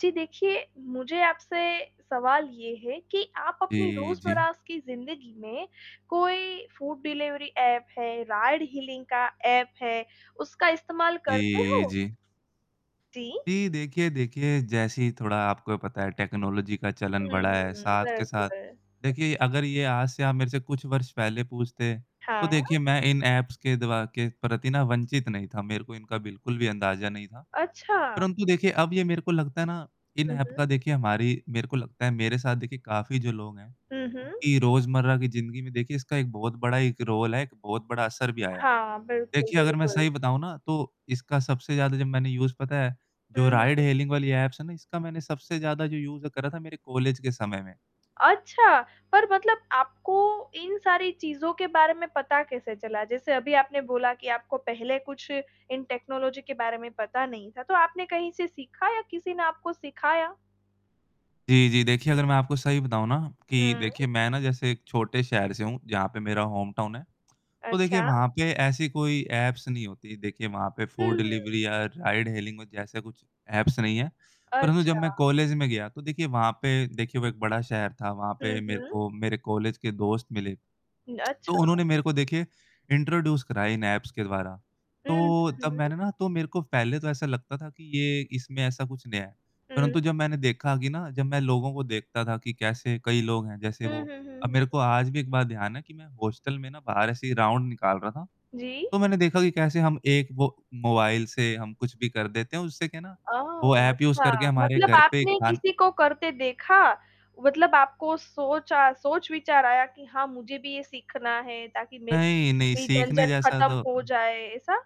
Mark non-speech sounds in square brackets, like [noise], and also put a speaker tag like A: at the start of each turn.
A: जी देखिए, मुझे आपसे सवाल ये है कि आप अपनी
B: जी, जी।
A: रोज़मर्रा की ज़िंदगी में कोई फूड डिलिवरी ऐप है, राइड-हेलिंग का ऐप है, उसका इस्तेमाल करते
B: जी,
A: हो?
B: जी।
A: जी।
B: जी, देखिए, देखिए जैसे ही थोड़ा आपको भी पता है टेक्नोलॉजी का चलन बढ़ा है,
A: हुँ,
B: साथ के साथ
A: बिल्कुल।
B: देखिए अगर ये आज से आप मेरे से कुछ वर्ष पहले पूछते, तो
A: हाँ।
B: देखिए मैं इन ऐप्स के द्व के प्रति न वंचित नहीं था। मेरे को इनका बिल्कुल भी अंदाज़ा नहीं था।
A: अच्छा।
B: परंतु देखिए अब ये मेरे को लगता है न, इन
A: हुँ,
B: ऐप का
A: हुँ।
B: देखिए हमारी मेरे को लगता है मेरे साथ देखिए काफ़ी जो लोग हैं,
A: हुँ, हुँ।
B: उनकी रोज़मर्रा की ज़िंदगी में देखिए इसका एक बहुत बड़ा एक रोल है, एक बहुत बड़ा असर भी आया है।
A: हाँ। बिल्कुल,
B: देखिए अगर मैं
A: बिल्कुल।
B: सही बताऊँ न, तो इसका सबसे ज़्यादा जब मैंने यूज़ पता है जो
A: हुँ, हुँ।
B: राइड-हेलिंग वाली ऐप्स है न, इसका मैंने सबसे ज़्यादा जो यूज़ करा था मेरे कॉलेज के समय में।
A: अच्छा, पर मतलब आपको इन सारी चीज़ों के बारे में पता कैसे चला, जैसे अभी आपने बोला कि आपको पहले कुछ इन टेक्नोलॉजी के बारे में पता नहीं था? तो आपने कहीं से सीखा या किसी ने आपको सिखाया?
B: जी, जी। देखिए अगर मैं आपको सही बताऊँ न कि
A: हुँ।
B: देखिए मैं न जैसे एक छोटे शहर से हूँ, जहाँ पे मेरा होमटाउन है। तो देखिए
A: अच्छा।
B: वहाँ पे ऐसी कोई ऐप्स नहीं होतीं, देखिए वहाँ पे फूड
A: हुँ।
B: डिलिवरी या राइड-हेलिंग हो जैसे कुछ ऐप्स नहीं हैं। परंतु जब मैं
A: अच्छा।
B: कॉलेज में गया, तो देखिए वहाँ पे देखिए वो एक बड़ा शहर था। वहाँ
A: हुँ,
B: पे मेरे
A: हुँ।
B: को मेरे कॉलेज के दोस्त मिले,
A: न
B: [clicks tongue] तो
A: अच्छा।
B: उन्होंने मेरे को देखिए इंट्रोड्यूस करा इन ऐप्स के द्वारा,
A: हुँ,
B: तो तब
A: हुँ।
B: मैंने न तो मेरे को पहले तो ऐसा लगता था कि ये इसमें ऐसा कुछ नया है। परंतु
A: हुँ।
B: जब मैंने देखा कि न, जब मैं लोगों को देखता था कि कैसे कई लोग हैं, जैसे
A: हुँ,
B: वो
A: हुँ, हुँ,
B: अब
A: हुँ।
B: मेरे को आज भी एक बार ध्यान है कि मैं हॉस्टल में न बाहर ऐसे ही राउंड निकाल रहा था।
A: जी।
B: तो मैंने देखा कि कैसे हम एक वो मोबाइल से हम कुछ भी कर देते हैं, उससे क्या है न, वो
A: ओह!
B: ऐप यूज़
A: अच्छा
B: करके हमारे
A: मतलब
B: घर पे
A: आपने
B: खान
A: किसी को करते देखा। मतलब आपको सोचा अ, सोच-विचार आया कि हाँ मुझे भी ये सीखना है ताकि मेरी
B: नहीं, नहीं
A: भी
B: सीखने
A: झंझट
B: जैसा
A: खत्म हो
B: तो
A: जाए, ऐसा?